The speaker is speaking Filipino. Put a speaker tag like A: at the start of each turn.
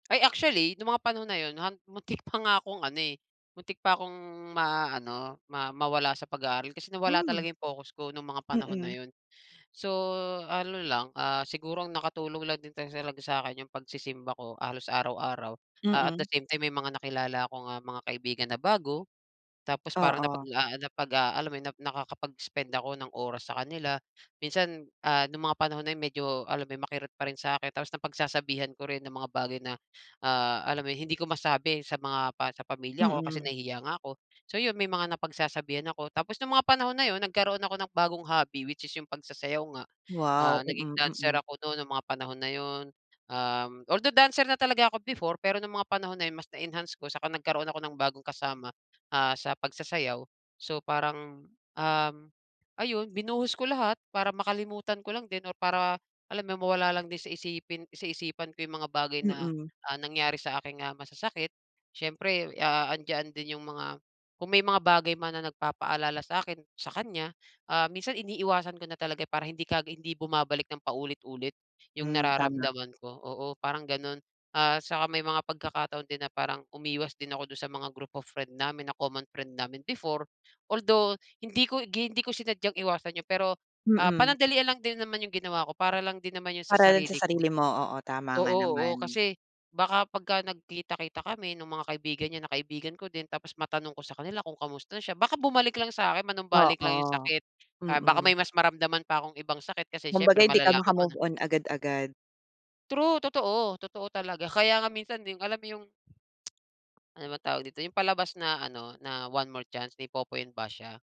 A: Ay, actually nung mga panahon na yun ham muntik pa nga akong ano, eh, muntik pa akong maano ma mawala sa pag-aaral. Kasi nawala
B: Hmm.
A: talaga 'yong focus ko nung mga panahon na
B: Mm.
A: yun. So, ano lang, ah, siguro ang nakatulong lang din ta sa laga sa'kin yung pagsisimba ko halos araw-araw. Ah, at the
B: Mm.
A: same time, may mga nakilala kong, ah, mga kaibigan na bago. Tapos parang
B: Oo.
A: napaglaanap pag ah, alam mo yun, nakakapag-spend ako ng oras sa kanila. Minsan, ah, nung mga panahon na yun medyo alam mo 'yon makirot pa rin sa'kin. Tapos napagsasabihan ko rin ng mga bagay na, ah, alam mo hindi ko masabi sa mga pa sa pamilya ko kasi
B: Mm.
A: nahihiya nga ko. So, yun may mga napagsasabihan ako tapos nung mga panahon na yun nagkaroon ako ng bagong hobby which is yung pagsasayaw nga,
B: Wow!
A: ah, naging
B: Mm.
A: dancer
B: Mm.
A: ako nun nung mga panahon na yun. Um, although dancer na talaga ako before. Pero nung mga panahon na yun mas na-enhance ko saka nagkaroon ako ng bagong kasama, ah, sa pagsasayaw. So, parang, um, ayun binuhos ko lahat para makalimutan ko lang din or para alam mo mawala lang din sa isipin sa isipan ko yung mga bagay na,
B: Mm.
A: ah, nangyari sa akin nga masasakit. Siyempre, ah, andiyan din yung mga kung may mga bagay man na nagpapaalala sa'kin, sa kanya, ah, minsan iniiwasan ko na talaga para hindi kag hindi bumabalik ng paulit-ulit yung
B: Hmm. Tama.
A: nararamdaman ko, oo, parang ganon. Ah, saka may mga pagkakataon din na parang umiwas din ako dun sa mga group of friend namin na common friend namin before. Although, hindi ko gi hindi ko sinadyang iwasan yung pero, ah,
B: Mm.
A: panandalian lang din naman yung ginawa ko. Para lang din naman yun sa
B: Para rin sa
A: sarili ko.
B: sarili mo, oo, tama nga
A: Oo, oo
B: naman.
A: kasi baka pagka nagkita-kita kami nung mga kaibigan niya na kaibigan ko din tapos matanong ko sa kanila kung kamusta na siya baka bumalik lang sa'kin. Manumbalik lang yung
B: Oo.
A: sakit, ah, baka
B: Mm.
A: may mas maramdaman pa akong ibang sakit kasi
B: Kumbaga
A: siyempre
B: hindi ka
A: malalaman mo
B: maka-move
A: na
B: on agad-agad.
A: True, totoo, totoo talaga. Kaya nga minsan din alam mo yung ano ba tawag dito? Yung palabas na ano na One More Chance, ni Popoy and Basha.